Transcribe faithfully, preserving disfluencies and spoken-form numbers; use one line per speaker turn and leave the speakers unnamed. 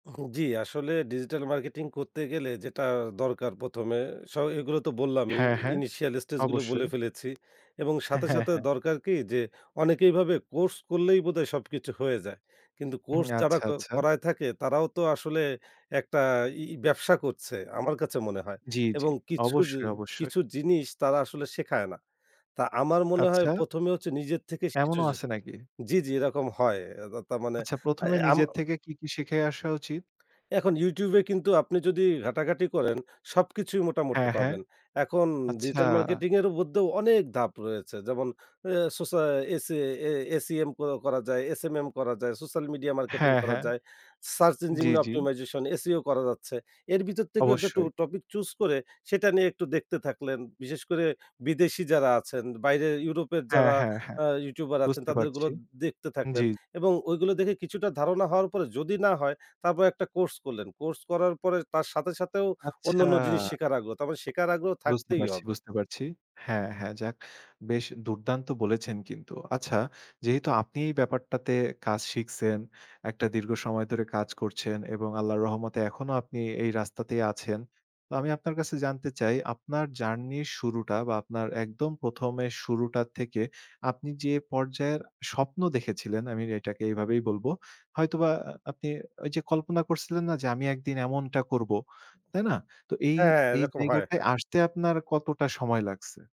হু, জি। আসলে digital marketing করতে গেলে যেটা দরকার প্রথমে। স এগুলো তো বললামই,
হ্যাঁ, হ্যাঁ,
ইনিশিয়াল স্টেজগুলো বলে
অবশ্যই।
ফেলেছি। এবং
হ্যাঁ,
সাথে,
হ্যাঁ,
সাথে
হ্যাঁ।
দরকার কী? যে, অনেকেইভাবে কোর্স করলেই বোধহয় সবকিছু হয়ে যায়। কিন্তু
হুম,
কোর্স যারা
আচ্ছা,
ক
আচ্ছা।
করায় থাকে, তারাও তো আসলে একটা ই ব্যবসা করছে, আমার কাছে মনে হয়।
জি, জি।
এবং কিছু জি
অবশ্যই, অবশ্যই।
কিছু জিনিস তারা আসলে শেখায় না। তা আমার মনে হয়
আচ্ছা।
প্রথমে হচ্ছে নিজের থেকে কিছু
এমনও আছে নাকি?
জি, জি এরকম হয়। এ তা তার মানে
আচ্ছা প্রথমে
এ আম
নিজের থেকে কী, কী শিখে আসা উচিত?
এখন ইউটিউবে কিন্তু আপনি যদি ঘাটাঘাটি করেন, সবকিছুই মোটামুটি
হ্যাঁ, হ্যাঁ।
পাবেন। এখন
আচ্ছা।
ডিজিটাল মার্কেটিং এর মধ্যেও অনেক ধাপ রয়েছে। যেমন অ্যা সোসা অ্যা এসি এ A-C-M ক করা যায়, S-M-M করা যায়, সোশ্যাল মিডিয়া মার্কেটিং
হ্যাঁ,
করা
হ্যাঁ।
যায়, সার্চ
জি,
ইঞ্জিন
জি।
অপটিমাইজেশন, S-E-O করা যাচ্ছে। এর ভিতর থেকেও একটু ট
অবশ্যই।
টপিক চুস করে, সেটা নিয়ে একটু দেখতে থাকলেন। বিশেষ করে বিদেশী যারা আছেন, বাইরে ইউরোপের
হ্যাঁ,
যারা
হ্যাঁ, হ্যাঁ,
আ ইউটিউবার আছেন,
বুঝতে
তাদের গুলো
পারছি।
দেখতে
হুম, জি।
থাকলেন। এবং ওইগুলো দেখে কিছুটা ধারণা হওয়ার পরে, যদি না হয়, তারপরে একটা কোর্স করলেন। কোর্স করার পরে তার সাথে সাথেও,
আচ্ছা।
অন্যান্য জিনিস শেখার আগ্রহ। তার মানে শেখার আগ্রহ
বুঝতে
থাকতেই
পারছি,
হবে।
বুঝতে পারছি। হ্যাঁ, হ্যাঁ, যাক। বেশ দুর্দান্ত বলেছেন কিন্তু। আচ্ছা, যেহেতু আপনি এই ব্যাপারটাতে কাজ শিখছেন, একটা দীর্ঘ সময় ধরে কাজ করছেন এবং আল্লাহর রহমতে এখনো আপনি এই রাস্তাতেই আছেন। তো আমি আপনার কাছে জানতে চাই, আপনার জার্নির শুরুটা বা আপনার একদম প্রথমে শুরুটা থেকে, আপনি যে পর্যায়ের স্বপ্ন দেখেছিলেন, আমি এটাকে এইভাবেই বলব। হয়তোবা আপনি ওই যে কল্পনা করছিলেন না? যে, "আমি একদিন এমনটা করব।" তাই না? তো এই,
হ্যাঁ, হ্যাঁ,
এই
এরকম হয়। হা
জায়গাটায় আসতে আপনার কতটা সময় লাগছে?